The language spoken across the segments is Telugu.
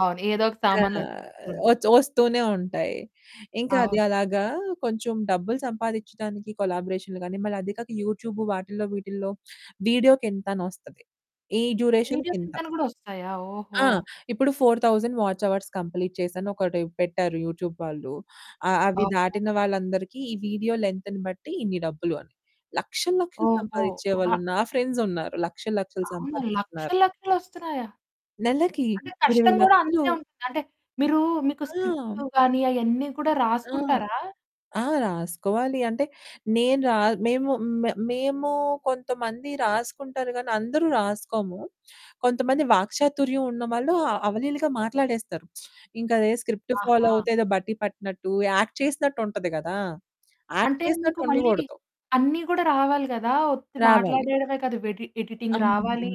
అవును. ఏదో ఒక సామాన్లు అహ్, వచ్చేస్తూ ఉంటాయి. వచ్ వస్తూనే ఉంటాయి. ఇంకా అది అవును. అలాగా కొంచెం డబ్బులు సంపాదిచ్చడానికి కొలాబరేషన్లు గాని, మళ్ళీ అది కాక యూట్యూబ్ వాటిలో వీటిలో వీడియోకింత అని వస్తది, ఈ డ్యూరేషన్‌కింత. వీడియోకింతని గూడా వస్తాయా? ఓహో! ఆ ఇప్పుడు 4,000 వాచ్ అవర్స్ కంప్లీట్ చేశాను. ఒకటి పెట్టారు యూట్యూబ్ వాళ్ళు. అ అవి అవునా! దాటిన వాళ్ళందరికీ ఈ వీడియో లెంత్‌ని బట్టి ఇన్ని డబ్బులు అని. లక్షలు లక్షలు ఓహో! సంపాదించే అలా వాళ్ళు నా ఫ్రెండ్స్ ఉన్నారు. లక్షలు లక్షలు అవునా! సంపాదిస్తున్నారు. లక్షలు లక్షలొస్తున్నాయా? నెలకి అంటే ఇరవై కష్టం గూడా లక్షలు అంతే ఉం అంటే మీరు మీకు ఆ! స్క్రిప్ట్ గాని అయన్నీ కూడా ఆ! రాసుకుంటారా? ఆ! రాసుకోవాలి అంటే నేను రా మేము మ మేము కొంతమంది రాసుకుంటారు గాని, అందరూ రాసుకోము. కొంతమంది వాక్చాతుర్యం ఉన్నవాళ్ళు అవలీలగా మాట్లాడేస్తారు. ఇంక అదే స్క్రిప్ట్ ఫాలో ఆహా! అవుతే ఏదో బట్టి పట్టినట్టు యాక్ట్ చేసినట్టుంటది గదా! యాక్ట్ అంటే చేసినట్టు మీకు మళ్ళీ ఉండకూడదు. అన్నీ గూడా రావాలి గదా! ఒట్టి రావాలి. మాట్లాడడమే కాదు, వెడి ఎడిటింగ్ రావాలి, అవును.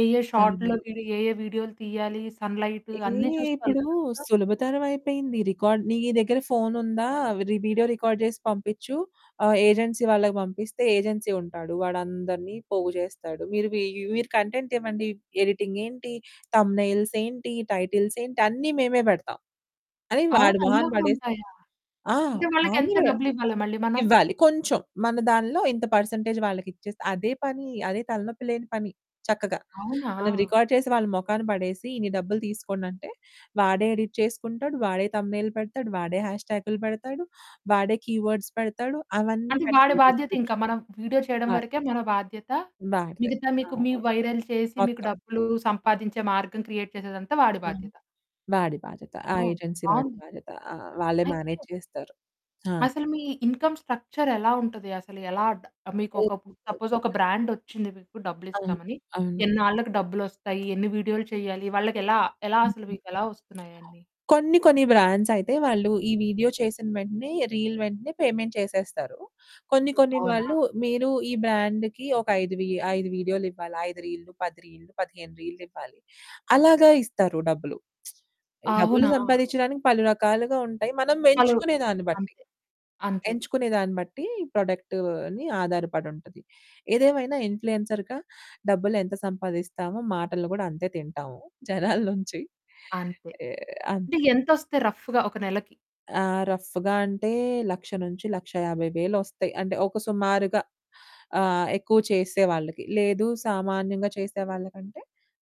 ఏ ఏ అవును. షాట్‌లోకెళ్ళి ఏ ఏ వీడియోలు తీయాలి, సన్ లైట్ ఏహ్! అన్నీ చూసుకోవాలి ఇప్పుడు గదా! సులభతరం అయిపోయింది. రికార్డ్ నీ దగ్గర ఫోన్ ఉందా? రి వీడియో రికార్డ్ చేసి పంపించు. ఆహ్, ఏజెన్సీ వాళ్ళకి పంపిస్తే ఏజెన్సీ ఉంటాడు. వాడు అందరిని పోగు చేస్తాడు. మీరు మీరు కంటెంట్ ఇవ్వండి. ఎడిటింగ్ ఏంటి, థంబ్నెయిల్స్ ఏంటి, టైటిల్స్ ఏంటి, అన్ని మేమే పెడతాం అని. అవును. వాడు అలా మొహాన కూడా పడేస్తే, ఉంటాయా? ఆ! అంటే వాళ్ళకెంత వానివే, డబ్బులు ఇవ్వాలా మళ్ళీ మనము? ఇవ్వాలి. కొంచెం మన దాంట్లో ఇంత పర్సెంటేజ్ వాళ్ళకి ఇచ్చేస్తే అదే పని. అదే తలనొప్పి లేని పని. చక్కగా మనం అవునా! రికార్డ్ చేసి వాళ్ళ మొఖాన్ని పడేసి, ఇన్ని డబ్బులు తీసుకోండంటే వాడే ఎడిట్ చేసుకుంటాడు. వాడే థంబ్నెయిల్ పెడతాడు. వాడే హ్యాష్‌ట్యాగ్లు పెడతాడు. వాడే కీవర్డ్స్ పెడతాడు. అవన్నీ అంటే వాడి పెడతాడు. బాధ్యతింకా డిస్క్రిప్షన్. మనం వీడియో చేయడం వరకే మన బాధ్యత. వాడిదే. మిగతా మీకు మీ అవును వైరల్ చేసి, మీకు మొత్తం. డబ్బులు సంపాదించే మార్గం క్రియేట్ చేసేదంతా ఆ! వాడి బాధ్యత. వాడి బాధ్యత. ఆ ఓహ్! ఏజెన్సీ వాడి బావుంది. బాధ్యత. వాళ్ళే అయితే మేనేజ్ చేస్తారు. అవును. అసలు మీ ఇన్కమ్ స్ట్రక్చర్ ఎలా ఉంటది? అసలు ఎలా? డ మీకు ఒక సపోజ్ ఒక [unintelligible] బ్రాండ్ వచ్చింది. మీకు అవును. డబ్బులిస్తామని అవును. ఎన్నాళ్లకు డబ్బువస్తాయి? ఎన్ని వీడియోలు చేయాలి వాళ్ళకి? ఎలా ఎలా హ్మ్, అసలు హ్మ్. మీకు ఎలా వస్తున్నాయి అయన్ని? కొన్ని కొన్ని బ్రాండ్స్ అయితే వాళ్ళు ఈ వీడియో చేసిన వెంటనే రీల్ వెంటనే పేమెంట్ చేసేస్తారు. కొన్ని కొన్ని అవునా! వాళ్ళు, మీరు ఈ బ్రాండ్‌కి ఒక 5 వీ 5 వీడియోలు ఇవ్వాలి, ఐదు రీల్లు, 10 రీల్లు, 15 రీల్లివ్వాలి. అలాగే ఇస్తారు డబ్బులు. డబ్బులు అవునా! సంపాదిచ్చడానికి పలు రకాలుగా ఉంటాయి. మనం అలు ఎంచుకునే దాన్ని బట్టి, అంతే. అంతే. ఎంచుకునే దాన్ని బట్టి ప్రొడక్ట్‌ని ఆధారపడుంటది. ఏదేమైనా ఇన్ఫ్లుయెన్సర్‌గా డబ్బులెంత సంపాదిస్తామో, మాటలు కూడా అంతే తింటాము జనాల నుంచి. అంతే. అంటే అంతే. ఎంత వస్తాయి రఫ్‌గా ఒక నెలకి? ఆ! రఫ్‌గా అంటే 100,000-150,000 వస్తాయి. అంటే ఒక సుమారుగా. ఆహ్, ఎక్కువ చేసే వాళ్ళకి లేదు. సామాన్యంగా చేసే వాళ్ళకంటే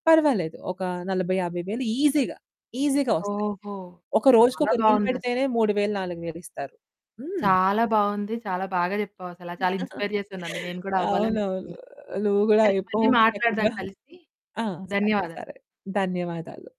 పర్వాలేదు. ఒక 40, 50,000 ఈజీగా, ఈజీగా వస్తాయి. ఓహో! ఒక రోజుకి చాలా ఒక రీల్ బావుందసలు. పెడితేనే 3,000, 4,000 ఇస్తారు. హ్మ్. చాలా బావుంది. చాలా బాగా చెప్పావు. అసలు చాలా ఇన్స్పైర్ చేశానండి. నేను గూడా అవునవును. అవ్వాలనిపిస్తుంది. నువ్వు గూడా సరే, అయిపో మళ్ళీ మాట్లాడదాం చక్కగా. కలిసి. ఆ! సరే. ధన్యవాదాలు. సరే. ధన్యవాదాలు.